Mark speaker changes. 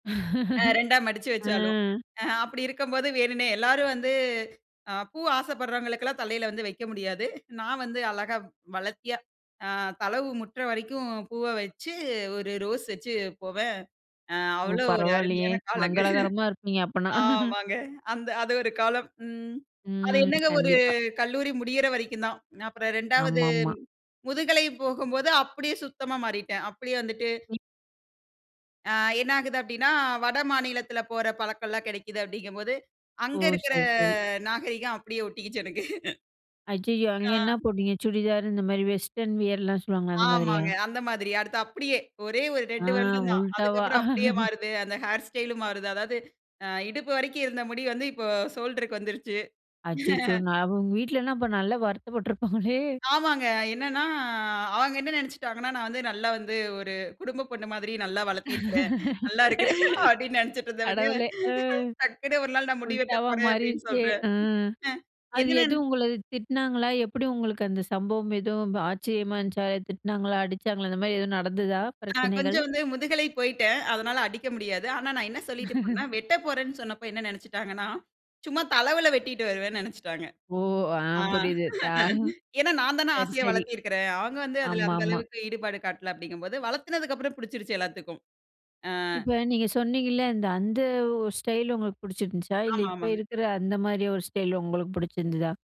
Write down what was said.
Speaker 1: ஆ, 2 ஆ மடிச்சு
Speaker 2: ஆ.
Speaker 1: வச்சாலும், அ அப்பிடி இருக்கும்போது வேணுன்னே, எல்லாரும் வந்து அ பூ ஆசைப்படுறவங்களுக்கெல்லாம் தலையில வந்து வைக்க முடியாது. நான் வந்து அழகா வளர்த்தியா அ தலவு முட்டுற வரைக்கும் பூவ வச்சு, ஒரு ரோஸ் வச்சு போவேன். அ
Speaker 2: ஓ!
Speaker 1: அவ்ளோ ஒரு
Speaker 2: பரவாயில்லயே!
Speaker 1: அருமையான காலங்க.
Speaker 2: மங்களகரமா இருப்பீங்க அப்பன்னா!
Speaker 1: ஆமாங்க. அந்த அது ஒரு காலம். ம். அது
Speaker 2: ம்.
Speaker 1: என்னங்க ஒரு
Speaker 2: கண்டிப்பா.
Speaker 1: கல்லூரி முடியிற வரைக்கும் தான். நான் அப்புறம் 2 வது
Speaker 2: ஆமா, ஆமா.
Speaker 1: முதுகலை போகும்போது அப்பிடியே சுத்தமா மாறிட்டேன். அப்பிடியே வந்துட்டு
Speaker 2: ம்.
Speaker 1: ஆ என்ன ஆகிது அப்பிடின்னா, வட மாநிலத்தில போற பழக்கல்லாம் கிடைக்கிது அப்பிடிங்கம்போது
Speaker 2: ஓ!
Speaker 1: அங்க இருக்கற
Speaker 2: சரி, சரி.
Speaker 1: நாகரிகம் அப்பிடியே ஒட்டிக்கிச்சு எனக்கு.
Speaker 2: ஐயயோ! அங்கே
Speaker 1: ஆ.
Speaker 2: என்ன போட்டீங்க? சுடிதார் இந்தமாரி வெஸ்டர்ன் வியர்லாம் சொல்லுவாங்க, அந்த மாதிரியா?
Speaker 1: ஆமாங்க. அந்த மாதிரி. அடுத்து அப்பிடியே! ஒரே ஒரு
Speaker 2: ஆ.
Speaker 1: 2 வருடந்தான்.
Speaker 2: உல்டாவா
Speaker 1: அதுக்கப்பறம் அப்பிடியே மாறுது. அந்த ஹேர் ஸ்டைல்லும் மாறுது. அதாவது அ இடுப்பு வரைக்கும் இருந்த முடி வந்து இப்போ ஷோல்ட்ருக்கு வந்துருச்சு.
Speaker 2: அச்சச்சோ! நான் உங்க வீட்லலாம் அப்ப நல்லா வருத்தப்பட்டுருப்பாங்களே!
Speaker 1: ஆமாங்க. என்னன்னா, அவுங்க என்ன நினச்சுட்டாங்கன்னா, நான் வந்து நல்லா வந்து ஒரு குடும்ப பொண்ணு மாதிரி நல்லா வளர்த்திருக்கிறேன். நல்லா இருக்கிறேன் அப்பிடின்னு நினைச்சிட்டு இருந்தவங்க,
Speaker 2: கடவுளே! அ.
Speaker 1: டக்குனு ஒரு நாள் நான் முடி வெட்டப்
Speaker 2: உல்டாவா
Speaker 1: போறேன் அப்பிடின்னு
Speaker 2: மாறிருச்சே.
Speaker 1: சொல்றேன்.
Speaker 2: அ.
Speaker 1: அ
Speaker 2: அது
Speaker 1: எகன
Speaker 2: எது
Speaker 1: என்ன
Speaker 2: உங்கள திட்டுனாங்களா! எப்படி உங்களுக்கு அந்த சம்பவம் எதுவும் ஆச்சரியமா இருந்துச்சா! திட்டினாங்களா? அடிச்சாங்களா அந்த மாரி எதுவும் நடந்ததா?
Speaker 1: நான்
Speaker 2: பிரச்சனைகள்.
Speaker 1: கொஞ்சம் வந்து முதுகலை போய்ட்டேன். அதனால அடிக்க முடியாது. ஆனா நான் என்ன சொல்லிட்டு போனேன்னா, "வெட்டப் போறேன்னு" சொன்னப்போ என்ன நினைச்சுட்டாங்கன்னா, சும்மா தளவுல வெட்டிட்டு வருவேன்னு நினச்சிட்டாங்க.
Speaker 2: ஓ!
Speaker 1: ஆ
Speaker 2: ஆம், புரியுது.
Speaker 1: ஏன்னா, நான் தான
Speaker 2: சரி,
Speaker 1: ஆசையா
Speaker 2: சரி.
Speaker 1: வளர்த்தி இருக்கிறேன். அவுங்க வந்து அதில
Speaker 2: ஆமா,
Speaker 1: அந்த
Speaker 2: ஆமா.
Speaker 1: அளவுற்கு ஈடுபாடு காட்டல அப்பிடிங்கம்போது வளத்துனதுக்கு அப்புறம் பிச்சிருச்சு எல்லாத்துக்கும். ஆ.
Speaker 2: இப்ப நீங்க சொன்னீங்கல்ல. இந்த அந்த ஒரு ஸ்டைலு உங்களுக்கு புடிச்சிருந்துச்சா! இல்ல
Speaker 1: ஆமா,
Speaker 2: இப்ப
Speaker 1: ஆமாங்க.
Speaker 2: இருக்கிற அந்த மாதிரி ஒரு ஸ்டைல் உங்களுக்கு பிடிச்சிருந்ததா?